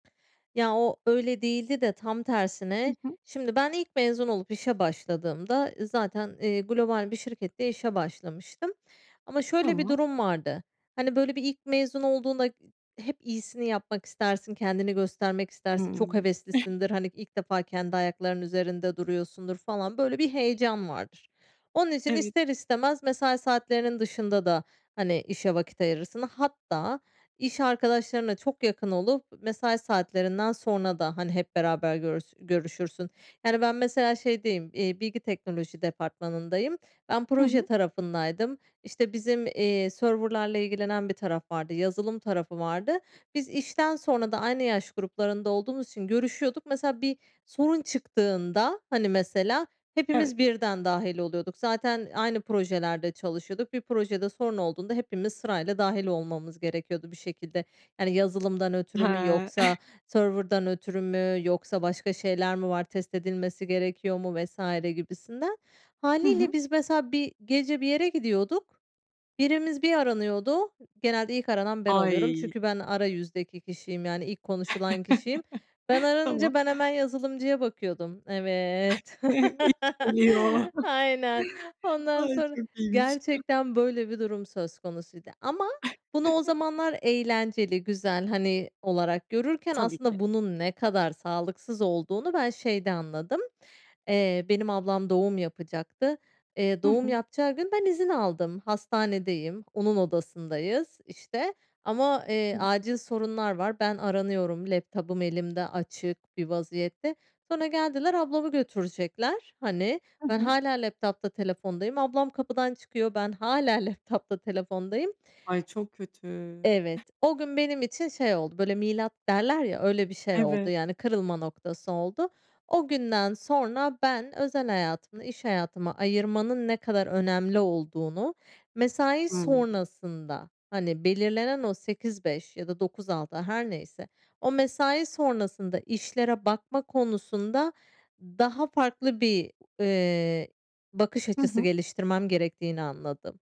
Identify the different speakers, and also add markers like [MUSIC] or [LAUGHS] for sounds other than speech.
Speaker 1: Ya, o öyle değildi de tam
Speaker 2: Hı
Speaker 1: tersine,
Speaker 2: hı.
Speaker 1: şimdi ben ilk mezun olup işe başladığımda, zaten, eee, global bir şirkette işe başlamıştım. Ama şöyle bir
Speaker 2: Tamam.
Speaker 1: durum vardı, hani, böyle bir ilk mezun olduğunda, ııı, hep iyisini yapmak istersin, kendini göstermek istersin, çok
Speaker 2: Hımm. [GIGGLES]
Speaker 1: heveslisindir, hani, ilk defa kendi ayaklarının üzerinde duruyorsundur falan, böyle bir heyecan vardır. Onun için
Speaker 2: Evet.
Speaker 1: ister istemez mesai saatlerinin dışında da, hani, işe vakit ayırırsın. Hatta iş arkadaşlarına çok yakın olup, mesai saatlerinden sonra da, hani, hep beraber görüs görüşürsün. Yani, ben, mesela, şeydeyim, iii, bilgi teknoloji departmanındayım. Ben
Speaker 2: Hı
Speaker 1: proje
Speaker 2: hı.
Speaker 1: tarafındaydım, işte, bizim, iii, server'larla ilgilenen bir taraf vardı, yazılım tarafı vardı. Biz işten sonra da aynı yaş gruplarında olduğumuz için görüşüyorduk. Mesela, bir sorun çıktığında, hani, mesela,
Speaker 2: Evet.
Speaker 1: hepimiz birden dâhil oluyorduk. Zaten aynı projelerde çalışıyorduk. Bir projede sorun olduğunda hepimiz sırayla dâhil olmamız gerekiyordu bir şekilde. Yani, yazılımdan ötürü mü
Speaker 2: He.
Speaker 1: yoksa
Speaker 2: [GIGGLES]
Speaker 1: server'dan ötürü mü yoksa başka şeyler mi var, test edilmesi gerekiyor mu vs. gibisinden.
Speaker 2: Hı hı.
Speaker 1: Hâliyle biz, mesela, bir gece bir yere gidiyorduk, birimiz bir aranıyordu, genelde ilk aranan ben oluyorum.
Speaker 2: Ay.
Speaker 1: Çünkü ben ara yüzdeki kişiyim, yani, ilk konuşulan kişiyim. Ben
Speaker 2: [CHUCKLES]
Speaker 1: aranınca,
Speaker 2: Tamam.
Speaker 1: ben hemen yazılımcıya bakıyordum. Evet,
Speaker 2: [CHUCKLES] İş birliği o.
Speaker 1: [LAUGHS] aynen. Ondan
Speaker 2: Ay,
Speaker 1: sonra,
Speaker 2: çok iyiymiş.
Speaker 1: gerçekten böyle bir durum söz konusuydu, ama bunu o
Speaker 2: [CHUCKLES]
Speaker 1: zamanlar eğlenceli güzel, hani olarak görürken
Speaker 2: Tabii ki.
Speaker 1: aslında bunun ne kadar sağlıksız olduğunu ben şeyde anladım: Eee, benim ablam doğum yapacaktı. Eee,
Speaker 2: Hı
Speaker 1: doğum
Speaker 2: hı.
Speaker 1: yapacağı gün ben izin aldım, hastanedeyim. Onun odasındayız, işte, ama, eee,
Speaker 2: Evet.
Speaker 1: acil sorunlar var ben aranıyorum, laptop'um elimde açık bir vaziyette. Sonra geldiler, ablamı götürecekler, hani,
Speaker 2: Hı
Speaker 1: ben
Speaker 2: hı.
Speaker 1: hâlâ laptop'ta telefondayım ablam kapıdan çıkıyor, ben hâlâ laptop'ta telefondayım.
Speaker 2: Ay, çok kötü.
Speaker 1: Evet, o gün benim için şey oldu, böyle, milat derler ya, öyle bir şey oldu,
Speaker 2: Evet.
Speaker 1: yani kırılma noktası oldu. O günden sonra ben özel hayatımla iş hayatımı ayırmanın ne kadar önemli olduğunu, mesai
Speaker 2: Hı hı.
Speaker 1: sonrasında, hani, belirlenen o 08.00-17.00 ya da 09.00-18.00 her neyse, o mesai sonrasında işlere bakma konusunda daha farklı bir, eee, bakış
Speaker 2: Hı
Speaker 1: açısı
Speaker 2: hı.
Speaker 1: geliştirmem gerektiğini anladım.